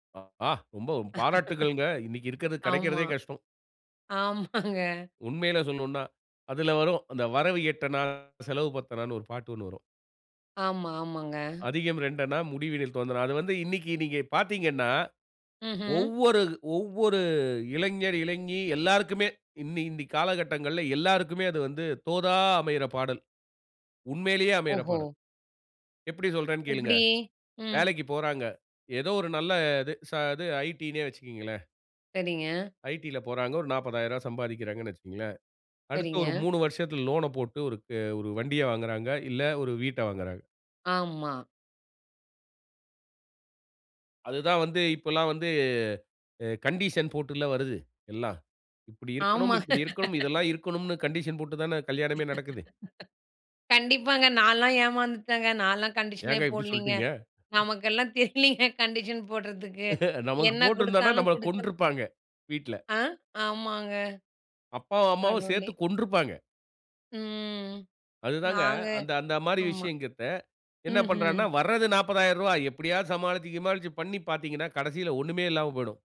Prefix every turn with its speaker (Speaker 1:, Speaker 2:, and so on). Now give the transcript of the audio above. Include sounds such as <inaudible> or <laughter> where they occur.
Speaker 1: ஆஹா! ரொம்ப பாராட்டுக்கள்ங்க. இன்னிக்கு
Speaker 2: <laughs>
Speaker 1: இருக்கிறது,
Speaker 2: ஆமா.
Speaker 1: கிடைக்கிறதே கஷ்டம்.
Speaker 2: ஆமாங்க.
Speaker 1: உண்மையில சொல்லணும்னா, அதில வரும். "அந்த வரவு எட்டனா, செலவு பத்தனானு" ஒரு பாட்டு 1 வரும்.
Speaker 2: ஆமா. ஆமாங்க.
Speaker 1: "அதிகம் இரண்டனா முடிவினில் தோந்தனா". அது வந்து இன்னிக்கு நீங்க பார்த்தீங்கன்னா,
Speaker 2: ம்ஹ்ம்.
Speaker 1: ஒவ்வொரு ஒவ்வொரு இளைஞர், இளைஞி எல்லோருக்குமே இன்னி இன்னி காலகட்டங்கள்ல எல்லோருக்குமே அது வந்து தோதா அமைற பாடல். உண்மையிலேயே அமையிற
Speaker 2: ஓஹோ!
Speaker 1: பாடல். எப்படி சொல்றேனு கேளுங்க.
Speaker 2: எப்படி? ம்.
Speaker 1: வேலைக்குப் போறாங்க. ஏதோ ஒரு நல்ல இது ச இது ஐடினே வைச்சுக்கங்களேன்
Speaker 2: சரிங்க.
Speaker 1: ஐடில போறாங்க. ஒரு 40,000 ரூபாய் சம்பாதிக்கிறாங்கனு வைச்சுக்கோங்களேன். அடுத்து ஒரு
Speaker 2: சரிங்க.
Speaker 1: 3 வருஷத்தில லோன போட்டு ஒருக்க ஒரு வண்டிய வாங்குறாங்க. இல்ல ஒரு வீட்ட வாங்குறாங்க.
Speaker 2: ஆமா.
Speaker 1: அதுதான் வந்து இப்பல்லாம் வந்து அ கண்டிஷன் போட்டுல்ல வருது, எல்லாம். இப்படி இருக்கணும்,
Speaker 2: ஆமா.
Speaker 1: இப்படி இருக்கணும். இதெல்லாம்
Speaker 2: <laughs>
Speaker 1: இருக்கணும்னு கண்டிஷன் போட்டு தானே கல்யாணமே நடக்குது.
Speaker 2: <laughs> கண்டிப்பாங்க. நான்லாம் ஏமாந்துட்டேங்க. நான்லாம் கண்டிஷனே
Speaker 1: ஏங்க இப்படி
Speaker 2: போடலீங்க.
Speaker 1: சொல்ட்டீங்க? ம்.
Speaker 2: நமக்கெல்லாம் தெரியலைங்க, கண்டிஷன் போடுறதுக்கு.
Speaker 1: <laughs> நமக்கு
Speaker 2: என்ன
Speaker 1: போட்டிருந்தோம்னா
Speaker 2: குடுத்தாலும்
Speaker 1: நம்மள
Speaker 2: குடுத்து
Speaker 1: கொன்றுப்பாங்க. வீட்ல.
Speaker 2: ஆ, ஆமாங்க.
Speaker 1: அப்பாவும் அம்மாவும்
Speaker 2: கடவுளே!
Speaker 1: சேர்த்துக் கொன்றுப்பாங்க.
Speaker 2: ம்.
Speaker 1: அதுதாங்க
Speaker 2: நாங்க
Speaker 1: அந்த அந்த மாரி
Speaker 2: ஆமா.
Speaker 1: விஷயங்கத்த என்ன
Speaker 2: ம்ஹம்.
Speaker 1: பண்றானா, வர்றது 40,000. ரூபா எப்படியாவது சமாளிச்சு கிமாளிச்சு பண்ணி பார்த்தீங்கனா, கடைசியில ஒண்ணுமே இல்லாம போய்டும்.